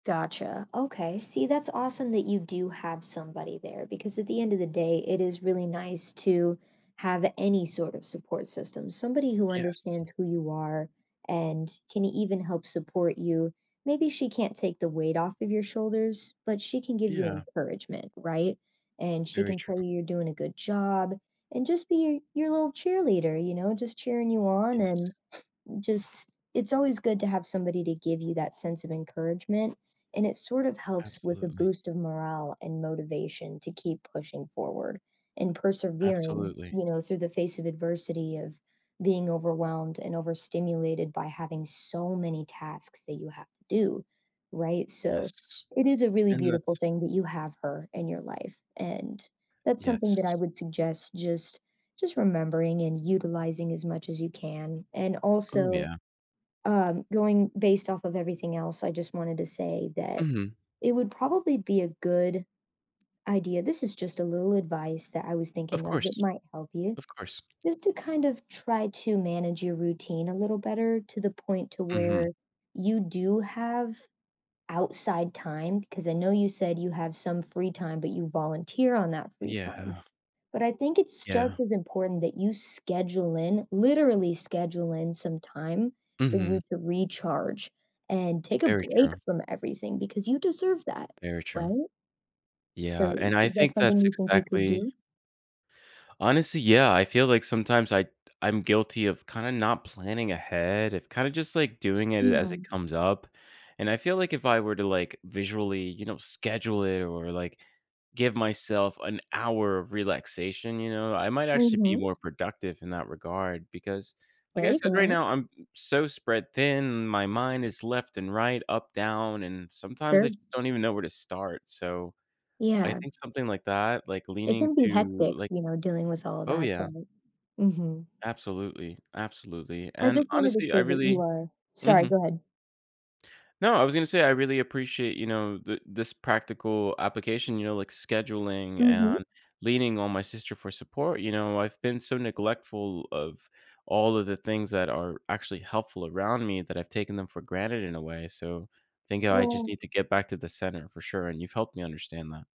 Gotcha. Okay, see that's awesome that you do have somebody there because at the end of the day, it is really nice to have any sort of support system. Somebody who Yes. understands who you are, and can even help support you. Maybe she can't take the weight off of your shoulders, but she can give you Yeah. encouragement, right, and she Very can true. tell you you're doing a good job and just be your your little cheerleader, you know, just cheering you on, Yes. and just, it's always good to have somebody to give you that sense of encouragement, and it sort of helps with the Absolutely. boost of morale and motivation to keep pushing forward and persevering, Absolutely. you know, through the face of adversity of being overwhelmed and overstimulated by having so many tasks that you have to do, right, so Yes, it is a really and beautiful that's thing that you have her in your life, and that's something that I Yes. would suggest just just remembering and utilizing as much as you can and Oh, also, yeah. um, going based off of everything else, I just wanted to say that Mhm. it would probably be a good Idea, this is just a little advice that I was Of thinking of course, that might help you, of course. just to kind of try to manage your routine a little better to the point to where Mhm. you do have outside time 'cause I know you said you have some free time, but you volunteer on that free time, Yeah. but I think it's just Yeah. as important that you schedule in, literally schedule in some time for you Mhm. to recharge and take a Very break true. from everything because you deserve that, Very true. right? So Yeah, and I is that think something that's you think you could exactly do? Honestly, yeah, I feel like sometimes I I'm guilty of kinda not planning ahead, of kinda just, like, doing it as Yeah. it comes up. And I feel, like, if I were to, like, visually, you know, schedule it or like, give myself an hour of relaxation, you know, I might actually be Mhm. more productive in that regard, because like There I you said, right go. now, I'm so spread thin, my mind is left and right, up, down, and sometimes I Thir just don't even know where to start. So, I Yeah. think something like that, like It leaning can be to, hectic, like you know, dealing with all Oh that, yeah. but Mhm. Absolutely, absolutely, I and just wanted to honestly, I say that you really are Sorry, Mhm. go ahead. No, I was gonna say I really appreciate, you know, the this practical application, you know, like scheduling Mhm. and leaning on my sister for support, you know, I've been so neglectful of all of the things that are actually helpful around me that I've taken them for granted in a way. So, think I just Well need to get back to the center for sure, and you've helped me understand that.